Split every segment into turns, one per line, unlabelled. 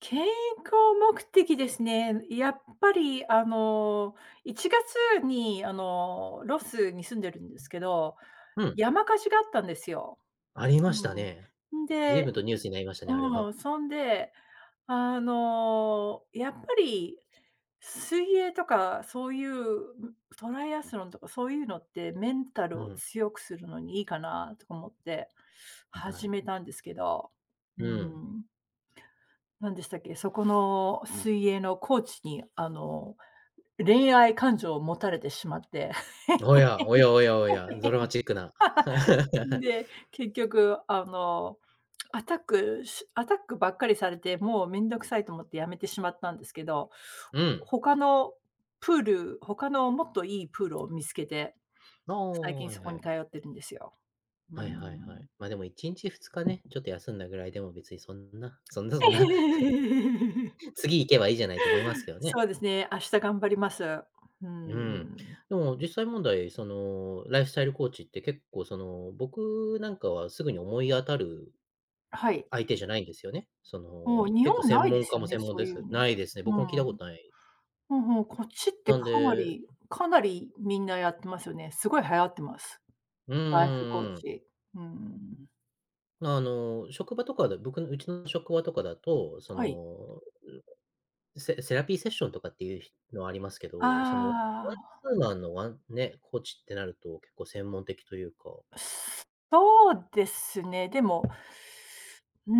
健康目的ですね。やっぱり、あの1月にあの、ロスに住んでるんですけど、
うん。
山火事があったんですよ。
あり
う
ましたね。
ん。ん
ずいぶ
で
んとニュースになりましたね、あれ
うー
は。
ん、そんで、あのやっぱり、水泳とか、そういうトライアスロンとかそういうのって、メンタ
う
ルを
ん。
強くするのにいいかなと思って
に、は
始
い。
めたんですけど、うー
うん。
ん。何でしたっけ、そこの水泳のコーチに、あの、恋愛感情を持たれてしまって、
おやおやおやおや、ドラマチックな
ん で、結局あの、アタックしアタックばっかりされて、もうめんどくさいと思って辞めてしまったんですけど、
う
ほ
ん。
他のプール、他のもっと良いプールを見つけて
あ
最
あ、
近
はい
そこ
は
に
い。
通ってるんですよ。うー
はいはいはい、
ん。
ま、でも1日2日ね、ちょっと休んだぐらいでも別にそんな、そんなそんな、次行けばいいじゃないと思いますけどね。
そうですね。明日頑張ります。うー
うーん、
ん。
でも実際問題、そのライフスタイルコーチって結構その、僕なんかはすぐに思い当たる
あ、はい。
相手じゃないんですよね。そ
もう、
の、
日
結構
本な
専
いで
門
す
家
よ
も
ね、
専門
そう
で
い
す
うの。
ないですね。
う
僕も聞いたこ
ん。
とない。
うんうん、もうこっちって
なん
かな
で
りかなりみんなやってますよね。すごい流行ってます、
うん
ライフコー
うんうん。
チ、うーん。
あの、職場とかで、僕のうちの職場とかだと、そ
はい。
の、うんと、セセラピーセッションとかっていうひのはありますけど、その、
あ
ワン
あ。
ツーマンのワンね、コーチってなると、結構専門的というか
そうですね。でも。うー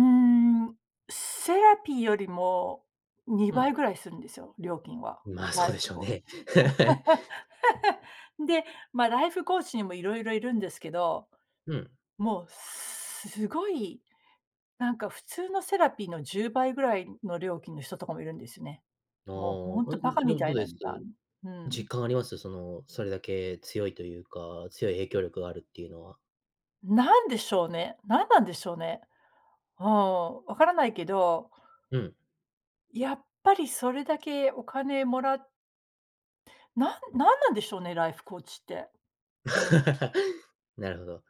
ん、セラピーよりもに
う
ば
ん。
いぐらいするんですよ、料金は、
ま、
ラ
そう
イ
で
フ
しょう
コーチ。
ね。
で、ま、ライフコーチにもいろいろいるんですけど、
うん。
もう、すごいなんか普通のセラピーの10倍ぐらいの料金の人とかもいるんですね。
ああ、
もうほんと
う
馬鹿み
んん、
た
ど
い
うで
な
す？
値段うん。
実感あります？その、それだけ強いというか、強い影響力があるっていうのは。
何でしょうね、何なんでしょうね。うーん、分からないけど
うん。
やっぱりそれだけお金もらなんなんなんでしょうね、ライフコーチって。うーん。
なるほど。